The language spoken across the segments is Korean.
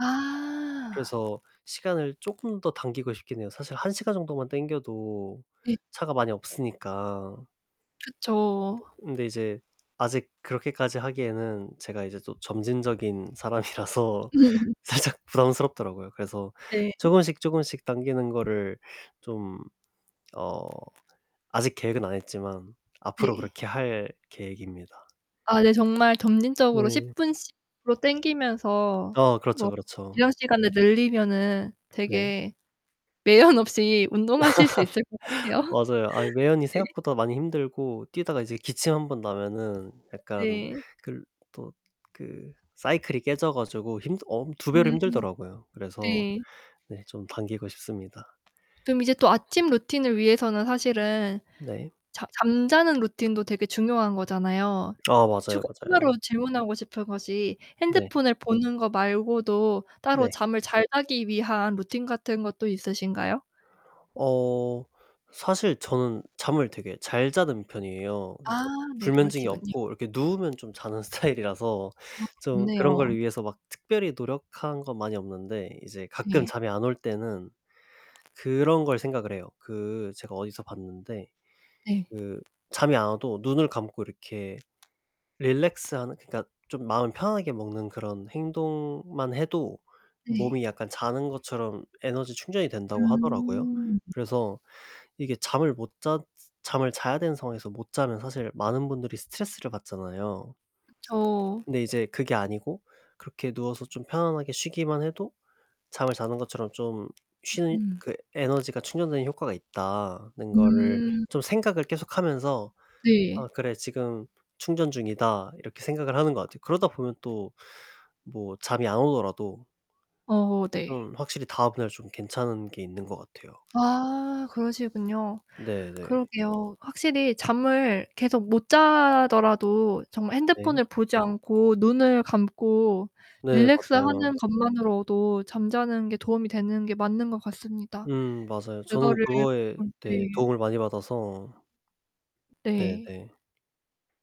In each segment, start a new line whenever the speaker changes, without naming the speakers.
아.
그래서 시간을 쪼끔 더 당기고 싶긴 해요. 사실 1 시간 정도만 당겨도
네.
차가 많이 없으니까
그쵸.
뜨 근데 이제 아직 그렇게까지 하기에는 제가 이제 또 점진적인 사람이라서
음.
살짝 부담스럽더라고요. 그래서
네.
쪼금씩 쪼금씩 당기는 거를 좀 어 아직 계획은 안 했지만 앞으로
네.
그렇게 할 계획입니다.
아 네 정말 점진적으로
네.
10 분씩으로 당기면서
어 그렇죠.
뭐
그렇죠.
지정 시간을 늘리면은
네.
되게 매연 없이 운동하실 수 있을 것 같아요.
맞아요. 아 매연이
네.
생각보다 많이 힘들고 뛰다가 이제 기침 1 번 나면은 약간
네.
글 또 그 사이클이 깨져 가지고 힘들 엄 2 배로
음.
힘들더라고요. 그래서
네.
네 좀 당기고 싶습니다.
그럼 이제 또 아침 루틴을 위해서는 사실은
네.
자 잠자는루틴도 되게 중요한 거잖아요.
아 맞아요.
추가
맞아요.
추가로 질문하고 싶은 것이
네.
핸드폰을 보는 거 말고도 따로
네.
잠을 잘 자기 위한 루틴 같은 것도 있으신가요?
어 사실 저는 잠을 되게 잘 자는 편이에요. 그러니까
아 네.
불면증이
그러시군요.
없고 이렇게 누우면 좀 자는 스타일이라서
아
좀 그런
좋네요.
걸 위해서 막 특별히 노력한 건 많이 없는데 이제 가끔
네.
잠이 안 올 때는 그런 걸 생각을 해요. 그 제가 어디서 봤는데
네.
그 잠이 안 와도 눈을 감고 이렇게 릴렉스하는 그니까 좀 마음을 편하게 먹는 그런 행동만 해도
네.
몸이 약간 자는 것처럼 에너지 충전이 된다고 하더라고요.
음.
그래서 이게 잠을 못 잤 잠을 자야 되는 상황에서 못 자면 사실 많은 분들이 스트레스를 받잖아요.
그쵸.
근데 이제 그게 아니고 그렇게 누워서 좀 편안하게 쉬기만 해도 잠을 자는 것처럼 좀 쉬
음.
그 에너지가 충전되는 효과가 있다는 거를
음.
좀 생각을 계속하면서
네.
'아 그래 지금 충전 중이다.' 이렇게 생각을 하는 것 같아요. 그러다 보면 또 뭐 잠이 안 오더라도
어 네.
그럼 확실히 다음날 좀 괜찮은 게 있는 것 같아요.
아 그러시군요.
네네.
그러게요. 확실히 잠을 계속 못 자더라도 정말
네.
핸드폰을 보지 않고 눈을 감고
네
릴렉스
맞아요.
하는 것만으로도 잠자는 게 도움이 되는 게 맞는 것 같습니다.
음 맞아요. 저는
그거를
그거에
음
네
네.
도움을 많이 받아서.
네.
네네.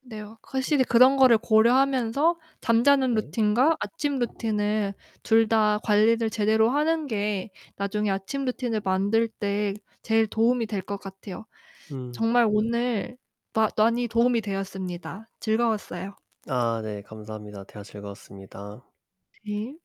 네. 어 확실히 그런 거를 고려하면서 잠자는
네.
루틴과 아침 루틴을 둘 다 관리를 제대로 하는 게 나중에 아침 루틴을 만들 때 제일 도움이 될 것 같아요.
음 맞아요.
정말 오늘 마 많이 도움이 되었습니다. 즐거웠어요.
아 네. 감사합니다. 대화 즐거웠습니다.
네.